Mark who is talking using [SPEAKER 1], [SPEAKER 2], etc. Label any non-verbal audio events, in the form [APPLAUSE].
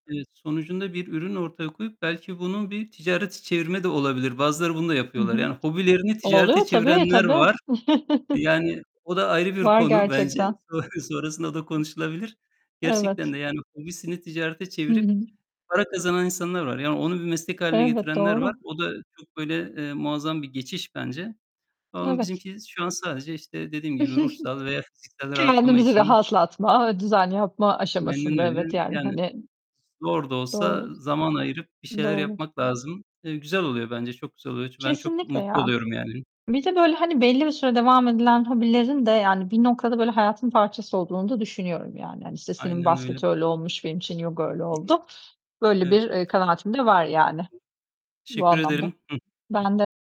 [SPEAKER 1] Evet, sonucunda bir ürün ortaya koyup belki bunun bir ticarete çevirme de olabilir, bazıları bunu da
[SPEAKER 2] Hı
[SPEAKER 1] yapıyorlar.
[SPEAKER 2] hı.
[SPEAKER 1] Yani, hobilerini ticarete
[SPEAKER 2] Oluyor tabii,
[SPEAKER 1] çevirenler
[SPEAKER 2] tabii.
[SPEAKER 1] var.
[SPEAKER 2] [CHUCKLES]
[SPEAKER 1] Yani, o da ayrı bir
[SPEAKER 2] Var
[SPEAKER 1] konu bence.
[SPEAKER 2] gerçekten.
[SPEAKER 1] Son sonrasında da konuşulabilir. Gerçekten
[SPEAKER 2] Evet.
[SPEAKER 1] de yani, hobisini ticarete
[SPEAKER 2] Hı
[SPEAKER 1] çevirip
[SPEAKER 2] hı.
[SPEAKER 1] para kazanan insanlar var. Yani, onu bir meslek hâline
[SPEAKER 2] Elbet,
[SPEAKER 1] getirenler var.
[SPEAKER 2] doğru.
[SPEAKER 1] O da çok böyle, eee, muazzam bir geçiş bence ama bizim
[SPEAKER 2] Evet.
[SPEAKER 1] ki şu an sadece işte dediğim gibi
[SPEAKER 2] [GIGGLES]
[SPEAKER 1] ruhsal veya fiziksel rahatlama
[SPEAKER 2] Kendimizi
[SPEAKER 1] için
[SPEAKER 2] rahatlatma ve düzenli yapma
[SPEAKER 1] Aynen
[SPEAKER 2] aşamasında, evet
[SPEAKER 1] öyle.
[SPEAKER 2] yani,
[SPEAKER 1] Yani,
[SPEAKER 2] hani
[SPEAKER 1] zor da olsa
[SPEAKER 2] Doğru,
[SPEAKER 1] zaman ayırıp bir şeyler
[SPEAKER 2] doğru.
[SPEAKER 1] yapmak lazım. Eee, güzel oluyor bence, çok güzel oluyor. Çu ben çok
[SPEAKER 2] Kesinlikle
[SPEAKER 1] mutlu
[SPEAKER 2] ya.
[SPEAKER 1] oluyorum yani.
[SPEAKER 2] Bir de böyle hani belli bir süre devam edilen hobilerin de yani bir noktada böyle hayatın parçası olduğunu da düşünüyorum yani. Hani, işte senin
[SPEAKER 1] Aynen öyle.
[SPEAKER 2] basket öyle olmuş, benim için yoga öyle oldu.
[SPEAKER 1] [UNINTELLIGIBLE]
[SPEAKER 2] Böyle
[SPEAKER 1] Evet.
[SPEAKER 2] bir, eee, kanaatim de var yani, bu
[SPEAKER 1] Teşekkür
[SPEAKER 2] anlamda.
[SPEAKER 1] ederim. Hıh. Hıh.
[SPEAKER 2] Ben de